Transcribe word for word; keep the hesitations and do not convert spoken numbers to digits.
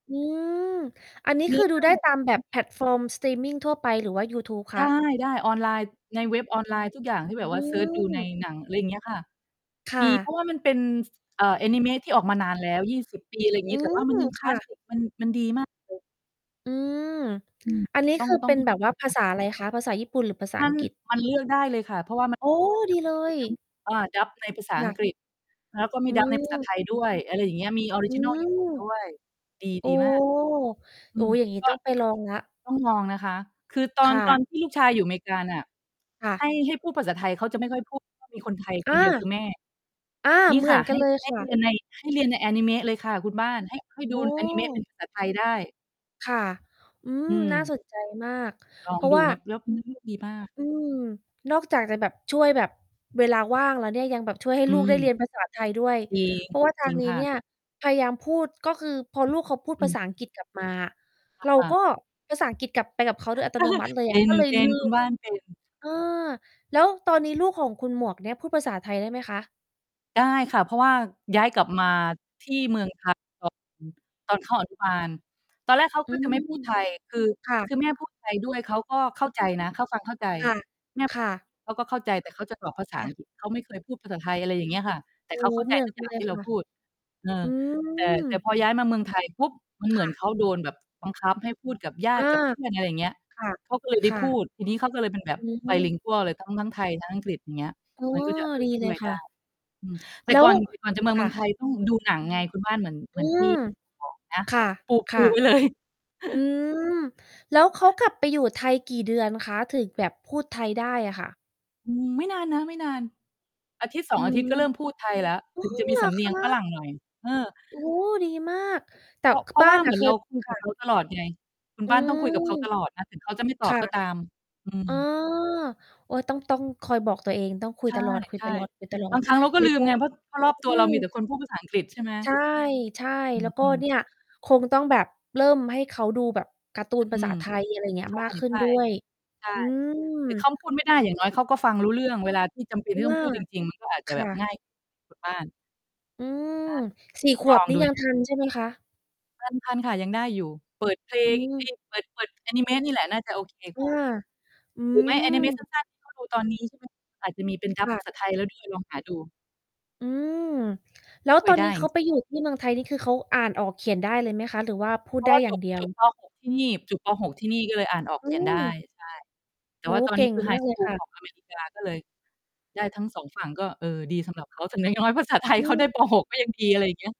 อืม อันนี้เนืค้ืออเรดูื่อไงด้แบบ ตามแบบ แพลตฟอร์มสตรีมมิงทั่วไป หรือว่ายูทูบคไะ? ด้ ๆ ออนไลน์ ในเว็บออนไลน์ทุกอย่างที่แบบอืว่าเซิร์ชดูในม หนัง อะไรเงี้ยค่ะ ค่มี เพราะ ะว่ามันเป็น ส เอ่อ อานิเมะที่ออกมานานแล้ว ยี่สิบ ปี อะไรองืี้ แต่ว่ามัม นยังคคล่าสะ สิค มัน มันดี มากเลย อืม อืม อันนี้ต้อคง ือต้เอปง ็นแบบว่าภาษาอะไรคะ ภาษาญี่ปุ่นหรือภาษามัอน ังกฤษ? มันเลือกได้เลยค่ะ เพราะว่า มัน โอ้ มันจดะีมเลีย ทั้ง อา dub ในภาษาคอั่ะ งกฤษ แล้วก็มี อืdub ในภาษา ม ไทยด้วย อะไรอย่างเงี้ย มีออริอืจินัล ญี่ปุ่นม ด้วย ดี โอ้ ดีมาก อโือ้โม ฮ อย่างนี้ก็ ต้องไปลองแล้ว ต้องลองนะคะ คือตอคน ่ตะ อนที่ลูกชายอยู่อเมกาน่ะ ค่ใะ ห้ ให้พูดภาษาไทยเขาจะไม่ค่อย พูด เพราะ มีคนไทยอคา นเดียวคือแม่ อา นี่เหมืค่อะ นใกหัน้ เลยใหค้่ะ เรียนใน ให้เรียนในอานิเมะเลยค่ะคุณบ้าน ให้ ให้ดอู๋อานิเมะ เป็อ นภาษา ไทยได้ ค่ะ อืม อืน่าม สนใจมาก ลอเพงราะดูว่า นะ แล้ว เนื้อเรื่อง ดีมาก อืม นอกจากจะแบบช่วยแบบเวลาว่างแล้วเนี่ย ยังแบบช่วยให้อืลูกได้เรีม ยนภาษาไทยด้วย จริง เพราะว่าทาจริงงนี้ค่เะ นี่ยพยายามพูด ก็คือพอลูกเขาพูดอืภาอษาฮอังกึ ฤษกลับมาอะ อเราา ก็ภาษาอังกฤษกลับไปกับเขาโดยอัตโนมัติเลยอเะ ก็เลย ป็ลืน ๆ คุณม บ้าน เป็น เออ แล้วตอน นี้ลูกของคุณหมวกเนี้ยพูดภาษาไทยได้ไหมคะ? ได้ค่ะ เพราะว่าย้ายกลับมาที่เมือง ไทยตอน ตอนเข้า อนุ บาล ตอนแรกเขาอืก็จะม ไม่พูดไทย คือ ค่คะ ือแม่พูดไทยด้วยเขาก็เข้าใจนะ เข้า ฟังเข้าใจ แม่ คพ ่ะ ๆ เขาก็เข้าใจ แต่เขาจะบอกภาษคาอ่ัะ งกฤษ เขาไม่เคยพูดภาษาไทย อะไรอย่างเงี้ยค่ะ แตโอ่้เขาโฮ เข้าใเจหมือนทุกกัอยน่าเลงยที่เครา่ะ พูด เอออ ืแต่ แต่ม พอย้ายมาเมืองไทยปุ๊บ มันเคหมื่อนะ เขาโดนแบบบังคับให้พูดกับญาอตา ิกับเพื่อน อะไรเงี้ย คเขาก็เลยได้่ะ พูๆ ด ทีนี้เขาก็เลยเป็นแบอบ ืม bilingual เลย ทั้ง ทั้งไทยทั้งอังกฤษ อย่างเงี้ย อ๋อ มันก็จะ เอดอ ีชเล่วยยคไ่ด้ ะ อือ แต่แล้ก่ว อน แต่ก่อนจะเมคื่องะ ไทยต้องดูหนังไงคุณบ้าน เหมือน เหมอืือนที่ม บอกนะ ค่ะ ปู คปู่ะ ไว้ เลย อืม แล้วเขากลับไปอยู่ไทยกี่เดือนคะ ถึงแบบพูดไทยได้อะค่ะ? อืม ไม่นานนะ ไม่นาน อาทิตย์สออืง อาทม ิตย์ก็เริ่มพอูดไทยแล้ว ถึง้จะอ มีเหรสอำเนคียงะ? ฝรั่งหน่อย เออ โอ้ ดีมาก แต่ เพราะ ค เพราบะ้วา่านเอหมะ ือนเคเรย า คุยคกั่บเะ ขา ตลอดไง คุณอืบ้านต้องม คุยกับเขาตลอดนะ ถึงเขาจะไม่ตคอบ่ะ ก็ตาม อือ๋อ ม โอ๊ย ต้อง ต้องคอยบอกตัวเอง ต้องคุใยตลอด ช่ ๆ ๆ ๆ บางครั้งเราก็ไม่ลืพมูไง ด เพราะ เพราะรอบอตัวืเราม มีแต่คนพูดภาษาอังกฤษ ใช่ไหม ใช่ อืๆ แล้อ วก็อืม เนี่ย คงต้องแบบเริ่มให้เขาดูแบบการ์ตูนภอืาษาม ไทย อะไรเงี้ใย ช่ มากขึ้ใชน่ ด้วย ใช่ อืม แต่เขาพูดไม่ได้อย่างน้อยเขาก็ฟังรู้เรื่อง เวลาที่จำเป็นเพทรีา่ะตว้อง่า พูดจริง ๆ มันก็อาจจคะแบ่บะ ง่าย คุณ บ้าน อืม อา สี่ ต้อง ขลวบองนี่ดู ยันงทะ ันใช่ไหมคะ? ทัน ทันค่ะ ยังได้อยู่ เปิดเพลอืง เอม ๊ย เปิด เปิดอานิเมะนี่แหละน่าจะโอเคอกา ว่า อืหรือไม่ อานิเมะสม ั้น ๆ ที่เขา ดูตอนนี้ ใช่ไหม อาจจะมีเป็น คdub ่ภะ าษา ไทยแล้ว ด้วย ลองหาดู อืม แล้วช่ตวอยนไดนี้้ เขาจ ไปอยู่ที่เมืองไทยนี่คือ เขาอ่านออกเขียนได้เลยไหมคะ หรือว่าพูดเพรไาดะ้ว่าอย่จางบ เดียจว? บ ป. หก ที่นี่ จบ ป. หก ที่นี่ก็เลยอ่านออกอเืขียนได้ ม ใช่ แตโ่อ้ว่โาฮ ตอนเกนี่้งคือไฮมากสเลยกูคล ่ขะ องอเมริกา ก็เลย ได้ทั้ง สอง ฝั่งก็เออดีสำหรับเขา แต่น้อย ๆ ภาษาไทยอเขาได้ ืม ป. หก ก็ยังดี อะไรอย่างเงี้ย